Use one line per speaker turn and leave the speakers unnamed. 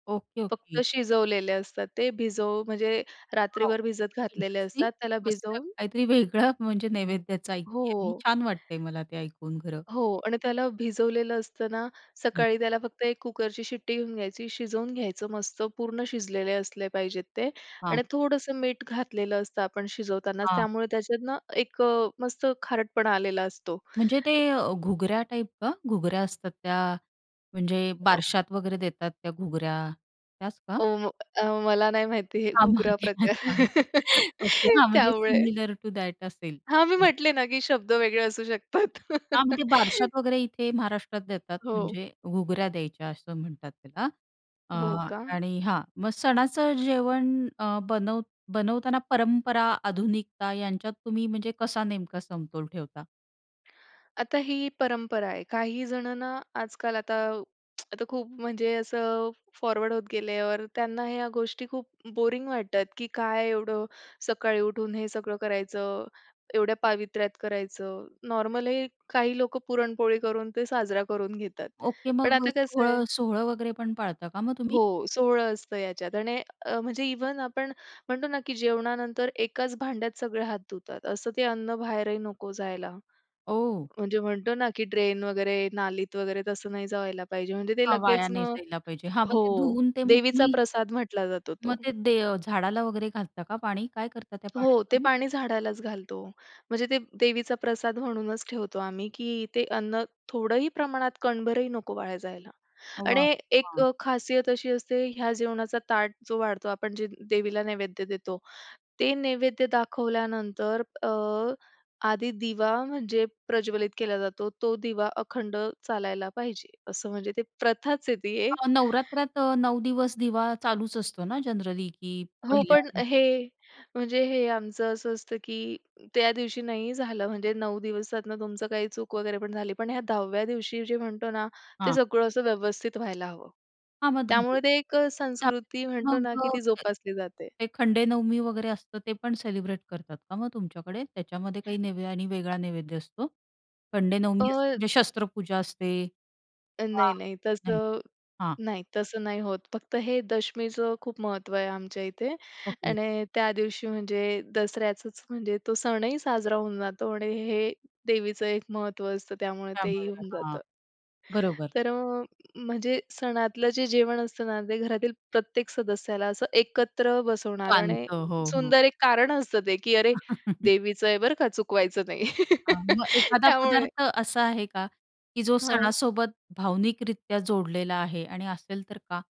Okay,
फक्त
okay.
शिजवलेले असतात. ते भिजव म्हणजे
वॉव!
रात्रीभर भिजत घातलेले
इंटरेस्टिंग
असतात. त्याला
मस्त
भिजवून
काहीतरी वेगळं म्हणजे नैवेद्याचा ऐकते आहे मी.
हो,
छान वाटतंय मलाभी ऐकून खरं.
हो आणि त्याला भिजवलेलं असताना
हं.
सकाळी त्याला फक्त 1 कुकरची शिट्टी घेऊन घ्यायची, शिजवून घ्यायचं मस्त पूर्ण शिजलेले असले पाहिजेत ते
हां.
आणि थोडंसं मीठ घातलेलं असतं आपण शिजवतानाच.
हां.
त्यामुळे त्याच्यातनं एक अ, मस्त खारटपणा आलेला असतो.
म्हणजे ते अ, घुगऱ्या टाइप का? घुगऱ्या असतात त्या म्हणजे
अ
बारशात वगैरे देतात त्या घुगऱ्या, त्याच का?
ओ, म अ, मला नाही माहिती हे
[unintelligible]
घुगरा प्रकार.
ओके, हां, म्हणजे
त्यामुळे
सिमिलर टु दॅट असेल,
हां, मी
ओके.
म्हटले ना की शब्द वेगळे असू शकतात.
हां, म्हणजे बारशात वगैरे इथे महाराष्ट्रात देतात.
हो.
म्हणजे घुगऱ्या द्यायच्या असं म्हणतात त्याला अ,
हो का?
आणि हां, मग सणाचं जेवण अ, बनव बनवताना परंपरा, आधुनिकता यांच्यात तुम्ही म्हणजे कसा नेमका समतोल ठेवता?
आता ही परंपरा आहे. काही जणांना आजकाल आता आता खूप म्हणजे असं फॉरवर्ड होत गेल्यावर त्यांना ह्या गोष्टी खूप बोरिंग वाटतात की काय एवढं? सकाळी उठून हे सगळं करायचं, एवढ्या पावित्र्यात करायचं, नॉर्मल
हं.
ही काही लोकं पुरणपोळी करून ते साजरा करून घेतात.
ओके.
पण
मग अ,
आता कसं आहे
सोह सोहळं वगैरे पण पाळता का मग तुम्ही?
हो, सोहळं असतं याच्यात आणि अ, म्हणजे इव्हन आपण म्हणतो ना की जेवणानंतर एकाच भांड्यात सगळे हात धुतात. असं ते अन्न बाहेरही नको जायला.
ओ.
म्हणजे म्हणतो ना, की ड्रेन वगैरे नालीत वगैरे तसं नाही जावायला पाहिजे. म्हणजे ते
हां, वाया
लगेच
नाही
मग
जायला पाहिजे. हां, मग ते
हो,
धुवून ते मग
देवीचा
तुम्ही
प्रसाद म्हटला जातो तो.
मग ते दे अ, झाडाला वगैरे घालता का पाणी? काय करता त्या
हो, ते
पाण्याचं मग?
पाणी झाडालाच घालतो. म्हणजे ते देवीचा प्रसाद म्हणूनच ठेवतो आम्ही की ते अन्न थोडंही प्रमाणात कणभरही नको वाया जायला
वाह!
आणि एक
हां.
अ, खासियत अशी असते ह्या जेवणाचा ताट जो वाढतो आपण जे देवीला नैवेद्य देतो, ते नैवेद्य दाखवल्यानंतर अ, आधी दिवा म्हणजे प्रज्वलित केला जातो. तो दिवा अखंड चालायला पाहिजे असं म्हणजे ते प्रथाच आहे ती
अ,
एक.
नवरात्रात अ, 9 दिवस दिवा चालूच असतो ना जनरली की
हो, पण
पहिल्या
हे म्हणजे हे आमचं असं असतं की त्या दिवशी नाही झालं म्हणजे 9 दिवसातनं तुमचं काही चूक वगैरे पण झाली. पण ह्या 10व्या दिवशी जे म्हणतो ना, ते
हां.
सगळं असं व्यवस्थित व्हायला हवं.
हां, मग धुवून
त्यामुळे ते एक अ,
त्यात
संस्कृती म्हणतो
मग
ना की ती
अ,
जोपासली जाते.
ते खंडेनवमी वगैरे असतं ते पण सेलिब्रेट करतात का मग तुमच्याकडे? त्याच्यामध्ये काही नैवे आणि वेगळा नैवेद्य असतो? खंडेनवमी असते
अ
म्हणजे शस्त्रपूजा असते
नाही,
हां,
नाही.
नाही,
तसं
हां.
नाही, तसं नाही होत फक्त हे दशमीचं खूप महत्त्व आहे आमच्या इथे
ओके.
आणि त्या दिवशी म्हणजे दसऱ्याचंच म्हणजे तो सणही साजरा होऊन जातो आणि हे देवीचं एक महत्त्व असतं त्यामुळे तेही
त्यामुळे,
होऊन
हां,
जातं.
बरोबर.
तर अ, म्हणजे सणातलं जे जेवण असतं ना, ते घरातील प्रत्येक सदस्याला असं एकत्र बसवणार आणि
पांतो. हो, हो.
सुंदर एक कारण असतं ते की अरे देवीचं आहे बरं का चुकवायचं नाही
हां, मग एखादा
त्यामुळे
पदार्थ असा आहे का, की जो
हां.
सणासोबत भावनिकरित्या जोडलेला आहे आणि असेल तर का?